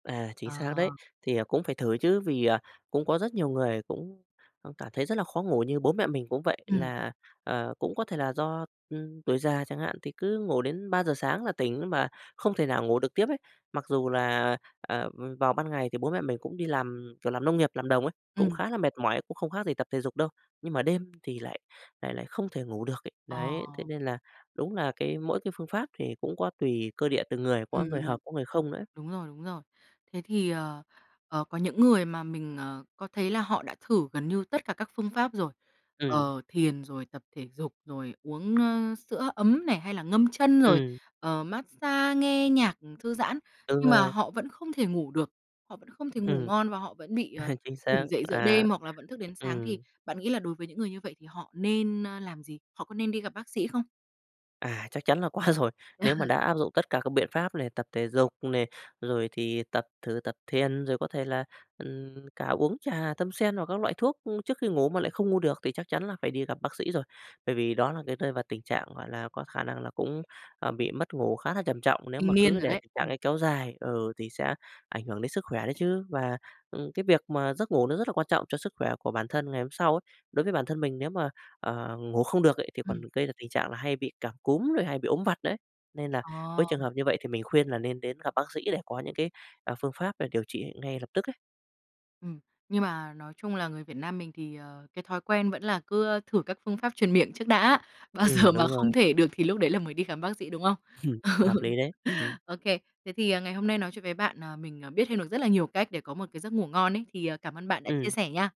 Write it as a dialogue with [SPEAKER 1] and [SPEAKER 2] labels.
[SPEAKER 1] À, chính xác
[SPEAKER 2] Ờ.
[SPEAKER 1] đấy. Thì, ờ, cũng phải thử chứ, vì, à, cũng có rất nhiều người cũng, ờ, cảm thấy rất là khó ngủ. Như bố mẹ mình cũng vậy
[SPEAKER 2] Ừm.
[SPEAKER 1] là, à, cũng có thể là do, ừm, tuổi già chẳng hạn, thì cứ ngủ đến 3:00 sáng là tỉnh mà không thể nào ngủ được tiếp ấy. Mặc dù là, à, à, v vào ban ngày thì bố mẹ mình cũng đi làm, kiểu làm nông nghiệp, làm đồng ấy, cũng
[SPEAKER 2] Ừm.
[SPEAKER 1] khá là mệt mỏi, cũng không khác gì tập thể dục đâu, nhưng mà đêm thì lại lại lại không thể ngủ được ấy. Đấy, thế
[SPEAKER 2] Ờ.
[SPEAKER 1] nên là đúng là cái mỗi cái phương pháp thì cũng có tùy cơ địa từng người, có
[SPEAKER 2] Ừm,
[SPEAKER 1] người
[SPEAKER 2] ừm.
[SPEAKER 1] hợp, có người không nữa ấy.
[SPEAKER 2] Đúng rồi, đúng rồi. Thế thì, ờ, ờ, có những người mà mình, ờ, có thấy là họ đã thử gần như tất cả các phương pháp rồi,
[SPEAKER 1] Ừm.
[SPEAKER 2] ờ, thiền, rồi tập thể dục, rồi uống, ơ, sữa ấm này, hay là ngâm chân rồi,
[SPEAKER 1] Ừm.
[SPEAKER 2] ờ, massage, nghe nhạc, ừm, thư giãn.
[SPEAKER 1] Đúng
[SPEAKER 2] Nhưng mà
[SPEAKER 1] rồi.
[SPEAKER 2] họ vẫn không thể ngủ được, họ vẫn không thể ngủ
[SPEAKER 1] Ừm.
[SPEAKER 2] ngon và họ vẫn bị, ờ,
[SPEAKER 1] À, chính xác,
[SPEAKER 2] tỉnh dậy giữa
[SPEAKER 1] à,
[SPEAKER 2] đêm hoặc là vẫn thức đến sáng. Thì
[SPEAKER 1] ừm.
[SPEAKER 2] bạn nghĩ là đối với những người như vậy thì họ nên, ơ, làm gì? Họ có nên đi gặp bác sĩ không?
[SPEAKER 1] À, chắc chắn là có rồi. Nếu mà đã áp dụng tất cả các biện pháp này, tập thể dục này, rồi thì tập thử tập thiền, rồi có thể là, ừm, cả uống trà tâm sen hoặc các loại thuốc, ưm, trước khi ngủ mà lại không ngủ được thì chắc chắn là phải đi gặp bác sĩ rồi. Bởi vì đó là cái rơi vào tình trạng, gọi là, có khả năng là cũng, à, bị mất ngủ khá là trầm trọng. Nếu
[SPEAKER 2] Kinh
[SPEAKER 1] mà
[SPEAKER 2] niên
[SPEAKER 1] cứ
[SPEAKER 2] rồi
[SPEAKER 1] để
[SPEAKER 2] đấy,
[SPEAKER 1] tình trạng
[SPEAKER 2] ừm.
[SPEAKER 1] ấy kéo dài, ừ, thì sẽ ảnh hưởng đến sức khỏe đấy chứ. Và, ừm, cái việc mà giấc ngủ nó rất là quan trọng cho sức khỏe của bản thân ngày hôm sau ấy, đối với bản thân mình nếu mà, ờ, ngủ không được ấy, thì còn
[SPEAKER 2] Ừm.
[SPEAKER 1] gây ra tình trạng là hay bị cảm cúm rồi hay bị ốm vặt nữa ấy. Nên là với
[SPEAKER 2] Ờ.
[SPEAKER 1] trường hợp như vậy thì mình khuyên là nên đến gặp bác sĩ để có những cái, à, phương pháp là điều trị ngay lập tức ấy.
[SPEAKER 2] Ừm. Nhưng mà nói chung là người Việt Nam mình thì, ờ, cái thói quen vẫn là cứ, ơ, thử các phương pháp truyền miệng trước đã, bao giờ
[SPEAKER 1] Ừm,
[SPEAKER 2] mà
[SPEAKER 1] đúng
[SPEAKER 2] không
[SPEAKER 1] rồi.
[SPEAKER 2] thể được thì lúc đấy là mới đi khám bác sĩ, đúng không?
[SPEAKER 1] Hợp lý đấy, ừm.
[SPEAKER 2] OK, thế thì ngày hôm nay nói chuyện với bạn, à, mình, ờ, biết thêm được rất là nhiều cách để có một cái giấc ngủ ngon ấy. Thì, ờ, cảm ơn bạn đã chia
[SPEAKER 1] Ừm.
[SPEAKER 2] sẻ nha.